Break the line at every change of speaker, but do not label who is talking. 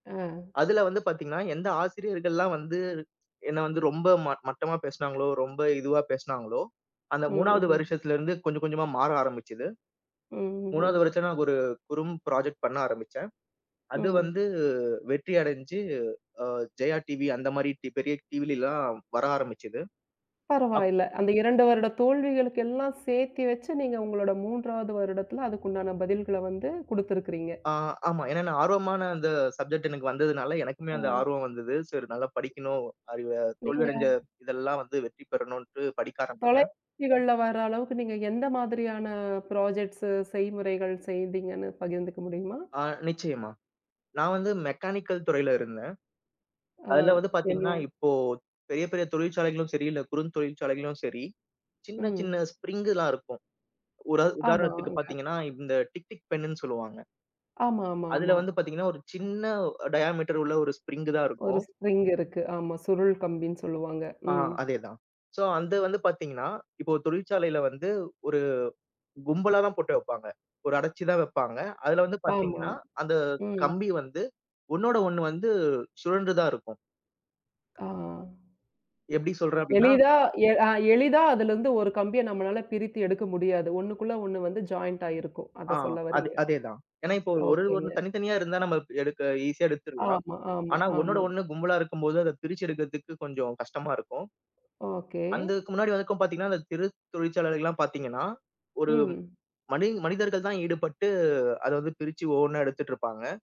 ஆ.
அதுல வந்து பாத்தீங்கன்னா, எந்த ஆசிரியர்கள்லாம் வந்து, என்ன வந்து ரொம்ப மட் மட்டமா பேசினாங்களோ, ரொம்ப இதுவா பேசினாங்களோ. அந்த
ம்,
3வது
ம்ஹ்ம்.
வருஷத்துலருந்து கொஞ்சம் கொஞ்சமா மாற ஆரம்பிச்சது.
ம், ம்,
3வது
ம்.
வருஷம் நாங்க ஒரு குறும் பிராஜெக்ட் பண்ண ஆரம்பிச்சேன். அது
ம்.
வந்து வெற்றி அடைஞ்சு அ ஜெயா டிவி, அந்த மாரி டி பெரிய டிவிலல்லாம் வர ஆரம்பிச்சது. அப்
பரவாயில்ல. அந்த 2 வருடத் தோல்விகளுக்கு எல்லாம் சேத்தி வச்சு நீங்க உங்களோட 3வது வருடத்துல அதுக்குண்டான பதில்கள வந்து குடுத்திருக்கிறீங்க.
ஆ ஆமா. ஏன்னா நான் ஆர்வமா நான் அந்த சப்ஜெக்ட் எனக்கு வந்ததுனால எனக்குமே அந்த
அ.
ஆர்வம் வந்தது. சரி நல்லா படிக்கணும், அறிவ, தோல்வி
நீங்க
அடைஞ்ச இதெல்லாம் வந்து வெற்றி பெறணும்ன்னுட்டு படிக்க ஆரம்பிச்சேன்.
தொலைகாட்சிகள்ல வர அளவுக்கு நீங்க எந்த மாதிரியான பிராஜெக்ட்ஸ்ஸூ செய்முறைகள் செய்தீங்கன்னு பகிர்ந்துக்க முடியுமா?
அ நிச்சியமா, நான் வந்து மெக்கானிக்கல் துறையில இருந்தேன்.
ஆ,
அதுல வந்து
என்ன?
பாத்தீங்கன்னா, இப்போ பெரிய பெரிய தொழிற்சாலைகளும் சரி இல்ல குறுந்தொழிற்சாலைகளும் சரி, சின்ன
ம்.
சின்ன ஸ்பிரிங்கு தான் இருக்கும். உரா உதாரணத்துக்கு
ஆமாங்க.
பாத்தீங்கன்னா, இந்த டிக் டிக் பென்னுன்னு சொல்லுவாங்க.
ஆமா, ஆமா,
அதுல
ஆமா.
வந்து பாத்தீங்கன்னா, ஒரு சின்ன அ டயாமீட்டர் உள்ள ஒரு ஸ்ப்ரிங்கு தான்
ஒரு
இருக்கும்.
ஸ்ப்ரிங் இருக்கு. ஆமா சுருள் கம்பின்னு சொல்லுவாங்க.
ஆ
ம்.
அதே தான். ஸோ அந்த வந்து பாத்தீங்கன்னா, இப்போ ஒரு தொழிற்சாலையில வந்து, ஒரு கும்பலா தான் போட்டு வப்பாங்க. ஒரு அடைச்சு தான் வப்பாங்க. அதுல வந்து
ஆமா,
பாத்தீங்கன்னா, அந்த
ம்.
கம்பி வந்து ஒண்ணோட ஒண்ணு வந்து சுழர்ண்டு தான் இருக்கும்.
ஆ.
எப்டி சொல்றேன் அபடின்னா?
எளிதா எ அ எளிதா அதுலருந்து ஒரு கம்பியை நம்மளால பிரித்து எடுக்க முடியாது. ஒண்ணுக்குள்ள ஒண்ணு வந்து ஜாயிண்ட்டாயிருக்கும்
ஆ,
அத சொல்ல
அது
வரீங்க.
அதே தான். ஏன்னா இப்போ ஒரு
ஓகேங்க.
ஒரு தனித்தனியா இருந்தா நம்ம இப்ப எடுக்க ஈஸியா எடுத்துறலாம்.
ஆமா, ஆமா,
ஆனா ஒண்ணோட
ஆமா.
ஒண்ணு கும்பலா இருக்கும்போது அத பிரிச்சு எடுக்கிறதுக்கு கொஞ்சம் கஷ்டமா இருக்கும்.
ஓகே.
அந்தக்கு முன்னாடி வரைக்கும் பாத்தீங்கன்னா, அந்த சிறு தொழிற்சாலைகள்லாம் பாத்தீங்கன்னா, ஒரு
ம்.
மனிங் மனிதர்கள் தான் ஈடுபட்டு அத அது பிரிச்சு ஒவ்வொண்ணா எடுத்துட்ருப்பாங்க.